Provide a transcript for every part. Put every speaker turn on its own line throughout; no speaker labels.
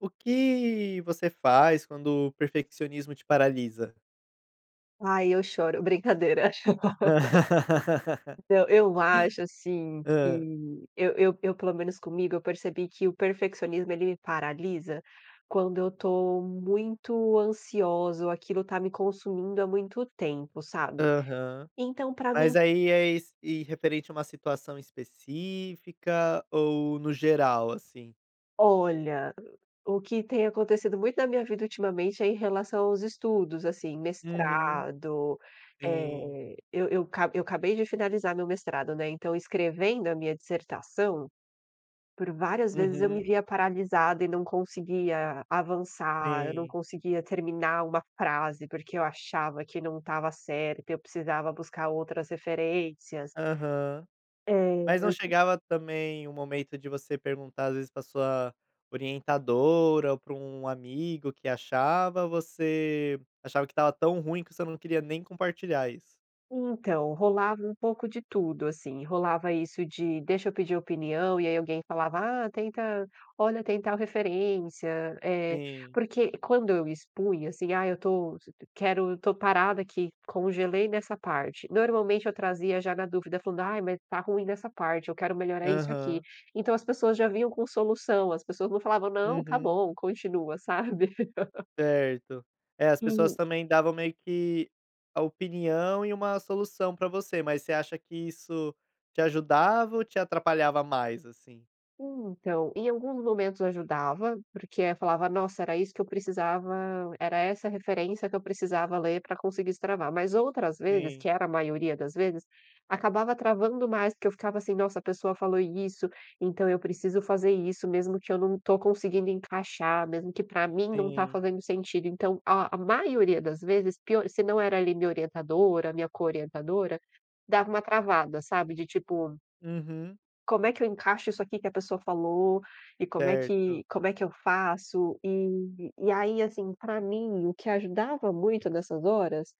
O que você faz quando o perfeccionismo te paralisa?
Ai, eu choro. Brincadeira. Então, eu acho, assim,
Hã.
que eu eu eu pelo menos comigo eu percebi que o perfeccionismo ele me paralisa quando eu estou muito ansiosa ou aquilo tá me consumindo há muito tempo, sabe.
Aham.
Então pra mim
Mas aí é es e referente a uma situação específica, ou no geral assim?
Olha, o que tem acontecido muito na minha vida ultimamente é em relação aos estudos, assim.
Uhum.
Mestrado,
Sim.
eh, eu eu ca cabei de finalizar meu mestrado, né. Então escrevendo a minha dissertação, por várias vezes eu me
Uhum.
via paralisada e não conseguia avançar, eu não
Sim.
conseguia terminar uma frase, porque eu achava que não estava certo e eu precisava buscar outras referências.
Aham.
É,
Mas não
eu tip
chegava também um momento de você perguntar às vezes pra sua orientadora, ou para um amigo que achava? Você achava que estava tão ruim que você não queria nem compartilhar isso.
Então, rolava um pouco de tudo, assim. Rolava isso de, deixa eu pedir opinião, e aí alguém falava: "Ah, tenta olha tem tal referência", eh,
Sim.
porque quando eu expunha, assim: "Ah, eu estou quero estou parada aqui, congelei nessa parte", normalmente eu trazia já na dúvida falando: "Ai, mas está ruim dessa parte, eu quero melhorar isso aqui".
Aham.
Então as pessoas já vinham com solução, as pessoas não falavam: "Não, tá
Uhum.
bom, continua", sabe.
Certo. É, as pessoas
E
também davam meio que a opinião e uma solução pra você. Mas você acha que isso te ajudava ou te atrapalhava mais, assim?
Então, em alguns momentos ajudava, porque aí eu falava: "Nossa, era isso que eu precisava, era essa referência que eu precisava ler para conseguir destravar", mas outras vezes,
Sim.
que era a maioria das vezes, acabava travando mais, porque eu ficava, assim: "Nossa, a pessoa falou isso, então eu preciso fazer isso, mesmo que eu não tô conseguindo encaixar, mesmo que para mim não tá
Sim.
fazendo sentido". Então o a maioria das vezes, pio se não era ali minha orientadora, minha co-orientadora, dava uma travada, sabe, de tipo
Uhum.
Como é que eu encaixo isso aqui que a pessoa falou e como é que
Certo.
como é que eu faço? E e aí, assim, para mim o que ajudava muito nessas horas,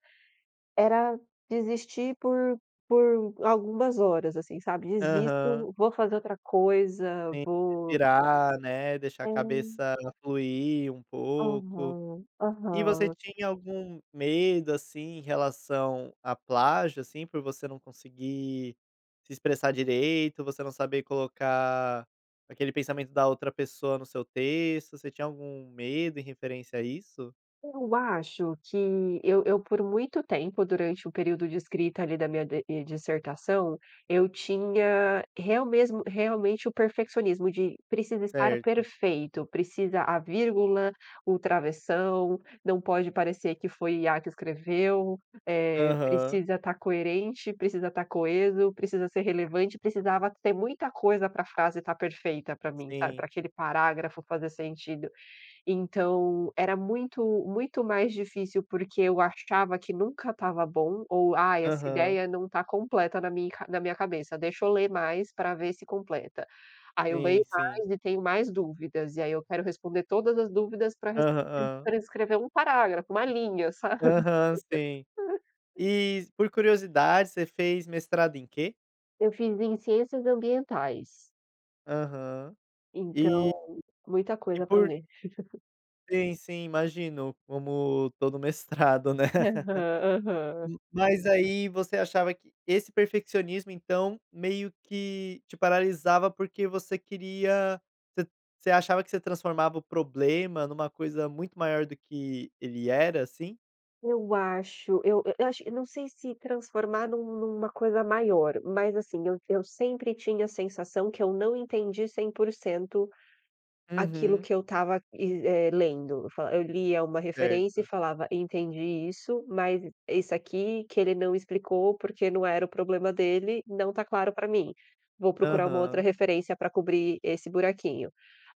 era desistir por por algumas horas, assim, sabe.
Aham.
Desisto, vou fazer outra coisa,
Tem que
vou
respirar, né, eixar a
É.
cabeça fluir um pouco.
Uhum,
E você
uhum.
tinha algum medo, assim, em relação à plágio, assim, por você não conseguir se expressar direito, você não saber colocar aquele pensamento da outra pessoa no seu texto, você tinha algum medo em referência a isso?
Eu acho que eu eu, por muito tempo, durante o período de escrita ali da minha d dissertação, eu tinha real mesmo realmente o perfeccionismo de: "Precisa estar
Certo.
perfeito, precisa a vírgula o travessão, não pode parecer que foi IA que escreveu, eh,
Aham.
precisa estar coerente, precisa estar coeso, precisa ser relevante.", precisava ter muita coisa para a frase estar perfeita para mim, sabe,
Sim.
para aquele parágrafo fazer sentido. Então, era muito muito mais difícil porque eu achava que nunca estava bom ou: "Ah, essa
Aham.
ideia não está completa na minha na minha cabeça. Deixa eu ler mais para ver se completa.". Aí, eu leio
Sim, sim.
mais e tenho mais dúvidas, e aí eu quero responder todas as dúvidas para res
Aham.
para escrever 1 um parágrafo, uma linha, sabe.
Aham, sim. E, por curiosidade, você fez mestrado em quê?
Eu fiz em ciências ambientais.
Aham, eh
Então, muita
e
coisa pra
por
ler.
Sim, sim, imagino, como todo mestrado, né?
Aham, aham.
Mas aí você achava que esse perfeccionismo então, meio que te paralisava, porque você queria ce você achava que você transformava o problema numa coisa muito maior do que ele era, assim?
Eu acho, eu eu acho eu não sei se transformar num numa coisa maior, mas assim, eu eu sempre tinha sensação que eu não entendi 100% aquilo
Uhum.
que eu estava, eh, é lendo. Eu fa eu lia uma referência e
Certo.
falava: "Entendi isso." Mas e esse aqui que ele não explicou, porque não era o problema dele não tá claro para mim. Vou procurar uma outra
Aham.
referência pra cobrir esse buraquinho.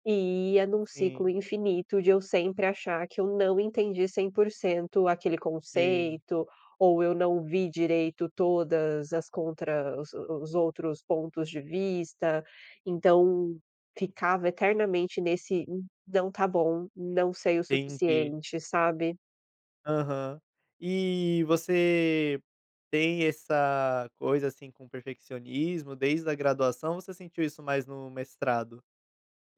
E ia num ciclo
Sim.
infinito de eu sempre achar que eu não entendi 100% aquele
Sim.
conceito, ou eu não vi direito todas as contra os os outros pontos de vista, então ficava eternamente nesse n não tá bom, não sei o
Entendi.
suficiente, sabe?
Aham, eh, você tem essa coisa, assim, com perfeccionismo desde a graduação ou você sentiu isso mais no mestrado?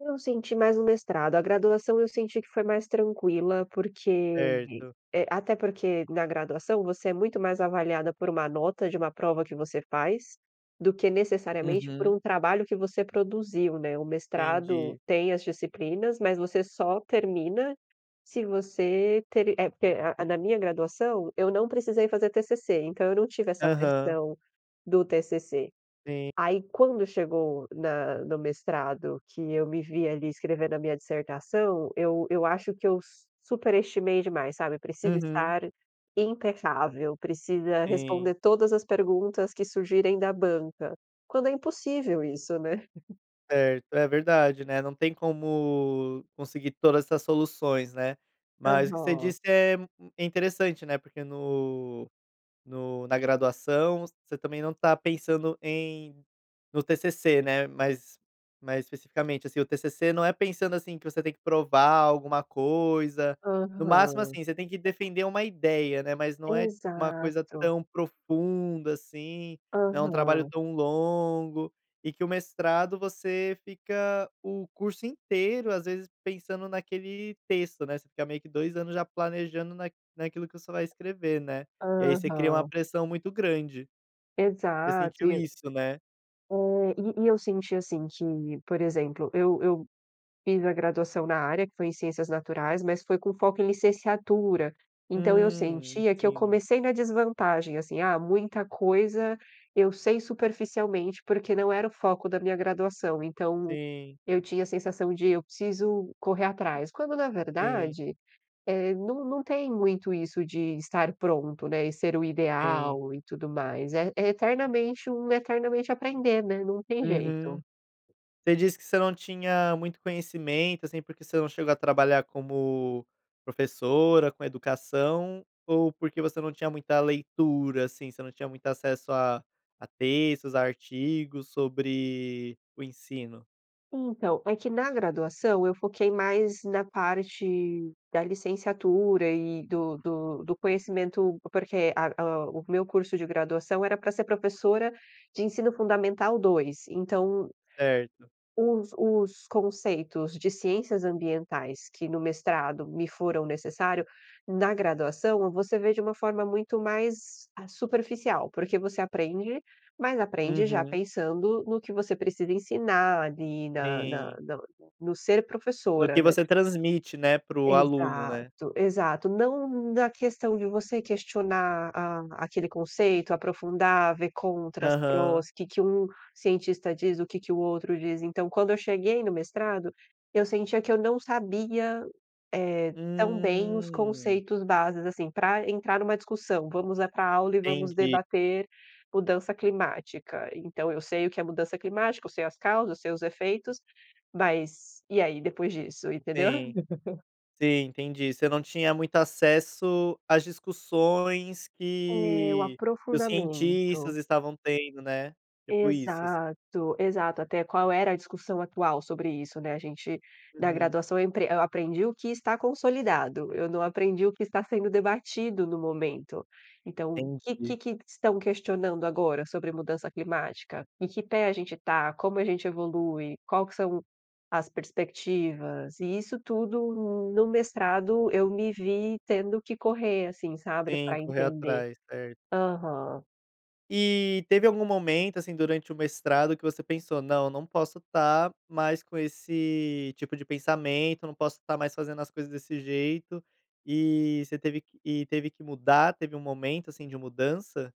Eu senti mais o mestrado, a graduação eu senti que foi mais tranquila porque,
Certo.
eh até porque na graduação, você é muito mais avaliada por uma nota de uma prova que você faz, do que necessariamente por
Uhum.
um trabalho que você produziu, né. O mestrado
Entendi.
tem as disciplinas, mas você só termina se você ter é, porque a na minha graduação, eu não precisei fazer TCC, então eu não tive essa
Aham.
pressão do TCC.
Sim.
Aí quando chegou na no mestrado, que eu me vi ali escrevendo a minha dissertação, eu eu acho que eu su superestimei demais, sabe. Precisa
Uhum.
estar impecável, precisa
Sim.
responder todas as perguntas que surgirem da banca. Quando é impossível isso, né.
Certo, é verdade, né, não tem como conseguir todas essas soluções, né. Mas o que você
Aham.
disse é, hum, é interessante, né, porque no no na graduação, você também não está pensando em no TCC, né, mais mais especificamente, assim. O TCC não é pensando assim, que você tem que provar alguma coisa. No máximo,
Aham.
assim, você tem que defender uma ideia, né, mas não é uma coisa
Exato.
tão profunda assim, não é um trabalho
Aham.
tão longo, e que o mestrado você fica o curso inteiro às vezes pensando naquele texto, né, você fica meio que dois anos já planejando naq naquilo que você vai escrever, né. E aí você cria uma
Aham.
pressão muito grande. Você
Exato
sentiu
e eu
isso, né?
É, e e eu senti assim que, por exemplo, eu eu fiz a graduação na área, que foi em ciências naturais, mas foi com foco em licenciatura, então eu
Hum,
sentia que eu
ensino.
comecei na desvantagem, assim. Ah, muita coisa eu sei superficialmente, porque não era o foco da minha graduação. Então,
Sim.
eu tinha a sensação de: eu preciso correr atrás, quando na
Sim.
verdade, eh, não não tem muito isso de estar pronto, né, e ser o
Sim.
ideal e tudo mais. É é eternamente um eternamente aprender, né, não tem jeito.
Uhum. Você disse que você não tinha muito conhecimento, assim, porque você não chegou a trabalhar como professora, com educação, ou porque você não tinha muita leitura, assim, você não tinha muito acesso a a textos, artigos sobre o ensino?
Então, é que na graduação eu foquei mais na parte da licenciatura e do do do conhecimento, porque a o o meu curso de graduação era pra ser professora de ensino fundamental dois, então
Certo.
os os conceitos de ciências ambientais que no mestrado me foram necessário, na graduação, você vê de um forma muito mais, ah, superficial porque você aprende, mas aprende já
Uhum.
pensando no que você precisa ensinar ali na na
Sim.
no ser
No
professora,
que
né.
você transmite, né, para o aluno, né.
Exato. Exato, não na questão de você questionar a aquele conceito, aprofundar, ver contras, prós,
Aham.
o que que um cientista diz, o que que o outro diz. Então, quando eu cheguei no mestrado, eu sentia que eu não sabia, eh, tão bem os
Hum.
conceitos bases, assim, pra entrar numa discussão. Vamos é pra a aula e vamos
Entendi.
debater mudança climática. Então, eu sei o que é mudança climática, eu sei as causas, eu sei os efeitos, mas e aí, depois disso, entendeu?
Sim. Sim, entendi. Você não tinha muito acesso às discussões
É, o
que que os
aprofundamento.
cientistas estavam tendo, né. Tipo isso, assi
Exato. Exato, até qual era a discussão atual sobre isso, né. A gente na
Uhum.
graduação eu empre eu aprendi o que está consolidado, eu não aprendi o que está sendo debatido no momento. Então, o que que
Entendi.
que estão questionando agora sobre mudança climática? Em que pé a gente está? Como a gente evolui? Qual que são as perspectivas? E isso tudo, no mestrado, eu me vi tendo que correr, assim sabe,
Sim,
pra
correr
entender.
atrás, certo.
Aham.
E teve algum momento, assim, durante o mestrado que você pensou: "Não, eu não posso tá mais com esse tipo de pensamento, eu não posso tá mais fazendo as coisas desse jeito." E você teve que e teve que mudar, teve um momento, assim, de mudança?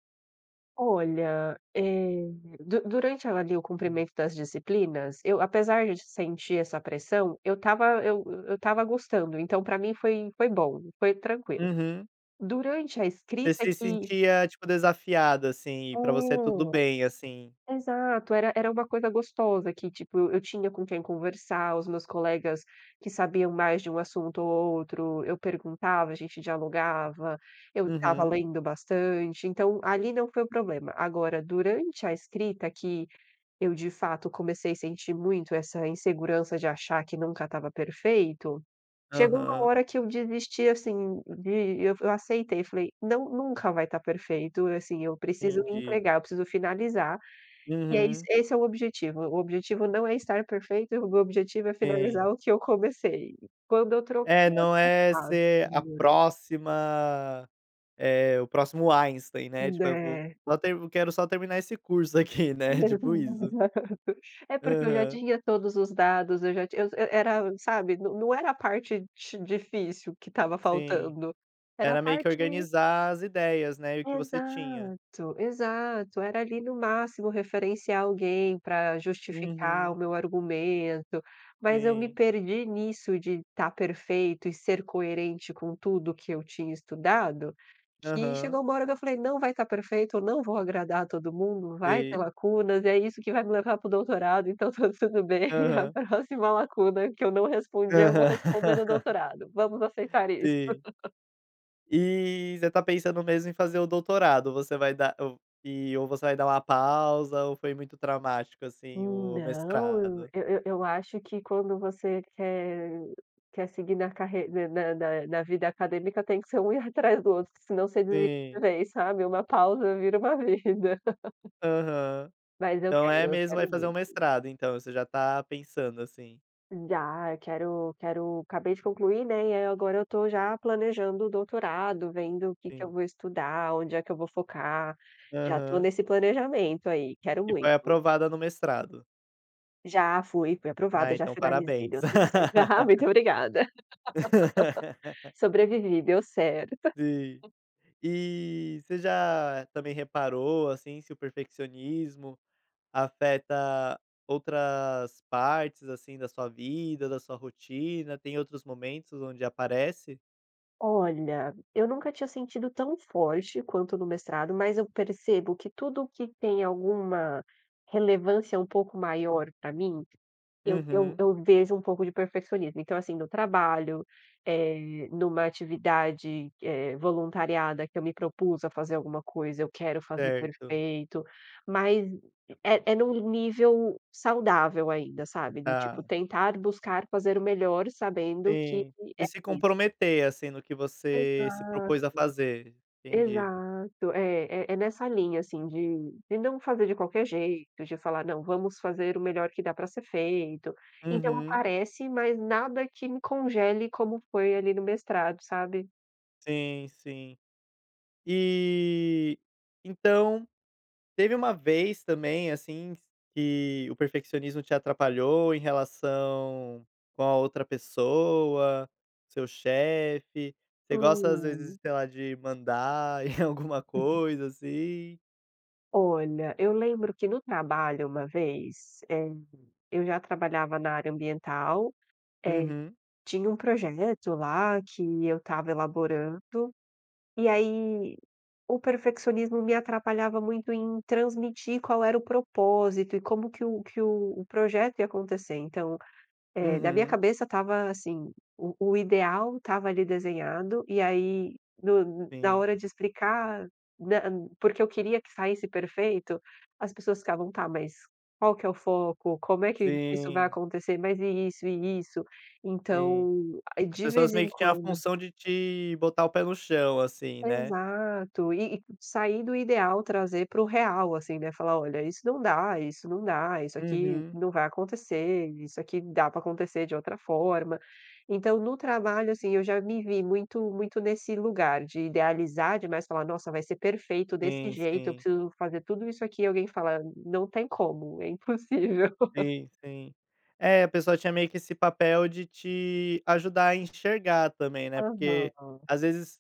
Olha, eh, du durante, ali, o
Sim.
cumprimento das disciplinas eu apesar de sentir essa pressão, eu estava eu eu estava gostando, então pra mim foi foi bom, foi tranquilo.
Uhum.
Durante a escrita
Você se
que
sentia, tipo, desafiada, assim, e pra você tudo bem, assim.
é, exato era era uma coisa gostosa que, tipo, eu tinha com quem conversar, os meus colegas que sabiam mais de um assunto ou outro, eu perguntava, a gente dialogava, eu estava
Uhum.
lendo bastante, então, ali não foi o problema. Agora durante a escrita que, eu de fato comecei sentir muito essa insegurança de achar que nunca estava perfeito, chegou uma
Aham.
hora que eu desisti, assim, de eu aceitei e falei: "Não, nunca vai tá perfeito, assim, eu preciso
Entendi.
entregar, eu preciso finalizar." E é isso
Uhum.
esse é o objetivo, o objetivo não é estar perfeito, o meu objetivo é
Sim.
finalizar o que eu comecei. Quando eu troquei
É, não
essa
é
frase
ser a
melhorou.
próxima, eh, o próximo Einstein, né.
Hum,
Tipo eu vou
né.
vo até eu quero só terminar esse curso aqui né, tipo isso.
[unintelligible] É porque eu já
Aham.
tinha todos os dados, eu já tinha era era, sabe, não era a parte ti difícil que estava
Sim,
faltando era a
era meio que
parte
organizar as ideias, né, e o que você tinha.
Exato, exato, era ali, no máximo referenciar alguém pra justificar o
Uhum.
meu argumento, mas eu me
Sim.
perdi nisso de tá perfeito e ser coerente com tudo que eu tinha estudado, que
Aham.
chegou uma hora que eu falei: "Não vai tá perfeito, eu não vou agradar todo mundo, vai ter
Sim.
lacunas e é isso que vai me levar pro doutorado, então, tá tudo bem. A
Aham.
próxima lacuna que eu não respondi, eu vou responder no
Aham.
doutorado, vamos aceitar isso."
Sim. E, você tá pensando mesmo em fazer o doutorado, ou você vai dar um e ou você vai dar uma pausa, ou foi muito traumático, assim, o
Não, eu
mestrado?
eu eu acho que quando você quer quer seguir na carre ne na na vida acadêmica tem que ser um erro atrás do outro que senão você desiste de
Sim.
vez sabe. Uma pausa vira uma vida.
Aham,
Mas eu
então é
quero, eu
mesmo vai
quero
fazer
muito.
um mestrado então, você já tá pensando, assim.
Dá, eu quero quero, acabei de concluir, né, e aí agora eu tô já planejando o doutorado, vendo o que que eu
Sim.
vou estudar, onde é que eu vou focar. Já tô
Aham.
nesse planejamento aí, quero
E foi
muito.
aprovada no mestrado.
Já fui, fui
Ah,
aprovada, já
então
finalizei,
parabéns.
deu tudo certo Aham, muito obrigada. Sobrevivi, deu certo.
Sim. E, você já também reparou, assim, se o perfeccionismo afeta outras partes, assim, da sua vida, da sua rotina, tem outros momentos onde aparece?
Olha, eu nunca tinha sentido tão forte quanto no mestrado, mas eu percebo que tudo o que tem alguma relevância um pouco maior pra mim, eu eu
Uhum.
eu vejo um pouco de perfeccionismo. Então, assim, no trabalho, eh, numa atividade que eh voluntariada, que eu me propus a fazer alguma coisa, eu quero fazer
Certo.
perfeito. Mas é é num nível saudável ainda, sabe. Do tipo
Tá.
tentar buscar fazer o melhor sabendo que
Sim.
é
De se
isso.
comprometer, assim, no que você se
Exato.
propôs a fazer. Entendi.
Exato. É é é nessa linha, assim, de de não fazer de qualquer jeito, de falar: "Não, vamos fazer o melhor que dá pra ser feito". Então
Uhum.
aparece, mas nada que me congele como foi ali no mestrado, sabe?
Sim, sim. E, então, teve uma vez também, assim, q que o perfeccionismo te atrapalhou em relação com a outra pessoa, o seu chefe? Você gosta, às vezes
Hum.
de, sei lá, de mandar em alguma coisa, assim?
Olha, eu lembro que no trabalho uma vez, eh, eu já trabalhava na área ambiental. Eh,
Uhum.
tinha um projeto lá que eu estava elaborando. E aí o perfeccionismo me atrapalhava muito em transmitir qual era o propósito, e como que o que o projeto ia acontecer. Então, eh, na minha
Uhum.
cabeça estava, assim, o o ideal estava ali desenhad,o e aí no na
Sim.
hora de explicar nam porque eu queria que saísse perfeito, as pessoas ficavam: "Tá mas, qual que é o foco? Como é que isso vai
Sim.
acontecer? Mas e isso e isso?"
Sim.
Então aí
As
de
pessoas
vez
meio
em
que tinham a
quando
função de te botar o pé no chão, assim, né?
Exato, e e sair do ideal trazer pro real, assim, né, falar: "Olha, isso não dá, isso não dá, isso aqui
Uhum.
não vai acontecer, isso aqui dá pra acontecer de outra forma." Então no trabalho, assim, eu já me vi muito muito nesse lugar de idealizar demais falar: "Nossa, vai ser perfeito desse
Sim,
jeito. Eu
sim.
preciso fazer tudo isso aqui." E alguém fala: "Não tem como, é impossível."
Sim, sim. É, a pessoa tinha meio que esse papel de te ajudar a enxergar também, né, porque,
Aham.
às vezes,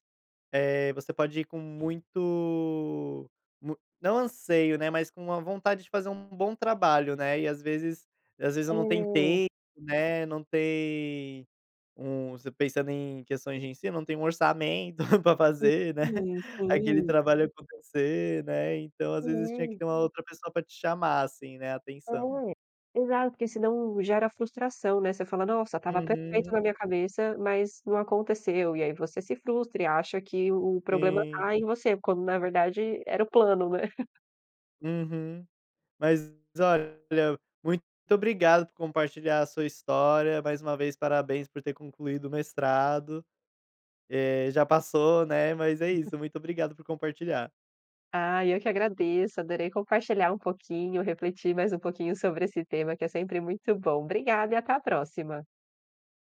eh, você pode ir com muito mu não anseio, né, mas com uma vontade de fazer um bom trabalho, né, e às vezes às vezes, eu não tempo,
É.
né, não tem um pensando em questões de ensino, não tem um orçamento para fazer, né,
Sim,
aquele
sim.
trabalho acontecer, né. Então, às vezes, tinha que
É.
ter uma outra pessoa pra te chamar, assim, né, atenção.
É, exato, porque senão gera frustração, né? Você fala: "Nossa, estava perfeito na
Uhum.
minha cabeça, mas não aconteceu." E aí você se frustra, e acha que o problema
Sim.
tá em você, quando na verdade era o plano, né?
Uhum. Mas olha, muito obrigado por compartilhar a sua história, mais uma vez parabéns por ter concluído o mestrado. Eh, já passou, né, mas é isso, muito obrigado por compartilhar.
Ah, eu que agradeço, adorei compartilhar um pouquinho, refletir mais um pouquinho sobre esse tema que é sempre muito bom. Obrigada e até a próxima.